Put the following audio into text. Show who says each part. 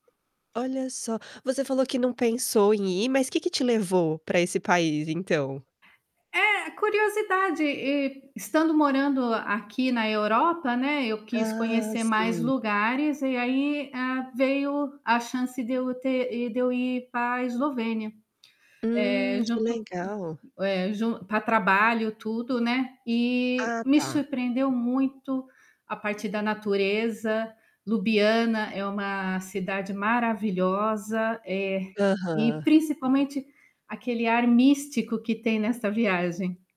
Speaker 1: Olha só. Você falou que não pensou em ir, mas que que te levou para esse país, então?
Speaker 2: É, curiosidade e estando morando aqui na Europa, né, eu quis
Speaker 1: Ah,
Speaker 2: conhecer mais
Speaker 1: sim.
Speaker 2: lugares e aí, ah, veio a chance de eu ter e de eu ir para a Eslovênia. Eh,
Speaker 1: Hum, que
Speaker 2: junto
Speaker 1: legal.
Speaker 2: eh, jun para trabalho, tudo, né. E
Speaker 1: Ah,
Speaker 2: me
Speaker 1: tá.
Speaker 2: surpreendeu muito a parte da natureza. Lubiana é uma cidade maravilhosa, eh, e
Speaker 1: Aham.
Speaker 2: principalmente aquele ar místico que tem nesta viagem.